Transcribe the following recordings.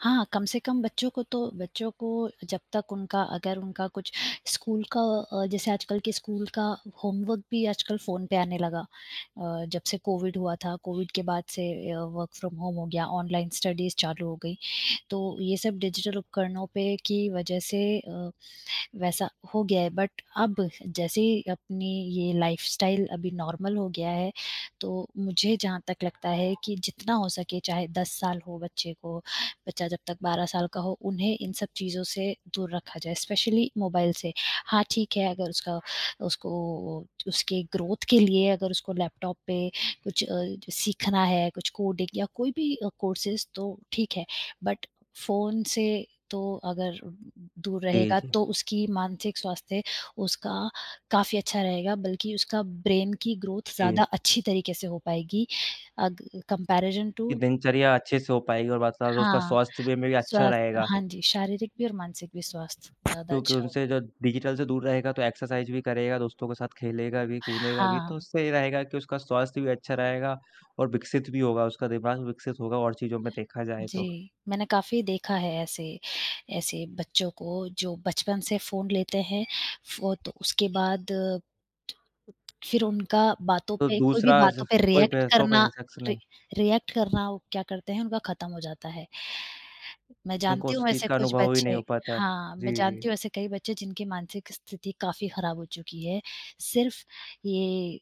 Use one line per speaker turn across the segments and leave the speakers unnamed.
हाँ, कम से कम बच्चों को तो बच्चों को जब तक उनका अगर उनका कुछ स्कूल का अ, जैसे आजकल के स्कूल का होमवर्क भी आजकल फ़ोन पे आने लगा अ, जब से कोविड हुआ था। कोविड के बाद से अ, वर्क फ्रॉम होम हो गया, ऑनलाइन स्टडीज़ चालू हो गईं। तो ये सब डिजिटल उपकरणों पे की वजह से अ, वैसा हो गया है। बट अब जैसी अपनी ये लाइफस्टाइल अभी नॉर्मल हो गया है, तो मुझे जहाँ तक लगता है कि जितना हो सके, चाहे 10 साल हो बच्चे को, बच्चा जब तक 12 साल का हो, उन्हें इन सब चीज़ों से दूर रखा जाए, स्पेशली मोबाइल से। हाँ, ठीक है, अगर उसका उसको ओ, उसके ग्रोथ के लिए अगर उसको लैपटॉप पे कुछ अ, सीखना है, कुछ कोडिंग या कोई भी अ, कौर्सेस, तो ठीक है। बट फ़ोन से तो अगर दूर
ए
रहेगा,
जी।
तो उसकी मानसिक स्वास्थ्य उसका काफ़ी अच्छा रहेगा, बल्कि उसका ब्रेन की ग्रोथ ज़्यादा
ए
अच्छी तरीके से हो पाएगी, अग कॉम्पेरिज़न
कि
टू
दिनचर्या अच्छे से हो पाएगी और मतलब उसका
हाँ,
स्वास्थ्य वे में भी अच्छा
स्वस्थ
रहेगा।
हाँ जी, शारीरिक भी और मानसिक भी स्वास्थ्य ज़्यादा
क्योंकि
अच्छा
उनसे
होगा।
जो डिजिटल से दूर रहेगा, तो एक्सरसाइज़ भी करेगा, दोस्तों के साथ खेलेगा भी, कूदेगा भी। तो
हाँ।
उससे ये रहेगा कि उसका स्वास्थ्य भी अच्छा रहेगा और विकसित भी होगा, उसका दिमाग विकसित होगा और चीज़ों में देखा जाए तो।
जी, मैंने काफ़ी देखा है ऐसे ऐसे बच्चों को जो बचपन से फ़ोन लेते हैं। फ़ो तो उसके बाद फिर उनका बातों
तो
पे कोई भी
दूसरा
बातों
ज
पे
कोई
रिएक्ट
पह तो
करना,
पहले शख्स
रि
ने।
रिएक्ट करना, वो क्या करते हैं, उनका ख़त्म हो जाता है। मैं
उनको
जानती
उस
हूँ
चीज़
ऐसे
का
कुछ
अनुभव ही नहीं
बच्चे
हो पाता है।
हाँ, मैं
जी, जी।
जानती हूँ ऐसे कई बच्चे जिनकी मानसिक स्थिति काफ़ी ख़राब हो चुकी है, सिर्फ़ ये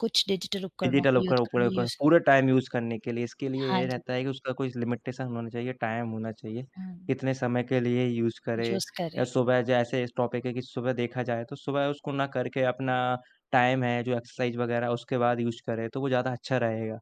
कुछ डिजिटल उपकरणों
डिजिटल
को यूत
उपकरण
अ,
प्रयोग कर
यूज़
पूरे टाइम यूज़ करने के लिए, इसके लिए
हाँ
ये
जी।
रहता है कि उसका कुछ लिमिटेशन होना चाहिए, टाइम होना चाहिए,
हुँ।
कितने समय के लिए यूज़ करें।
यूज़
या
करें।
सुबह जैसे इस टॉपिक है कि सुबह देखा जाए, तो सुबह उसको ना करके अपना टाइम है, जो एक्सरसाइज़ वगैरह, उसके बाद यूज़ करें, तो वो ज़्यादा अच्छा रहेगा।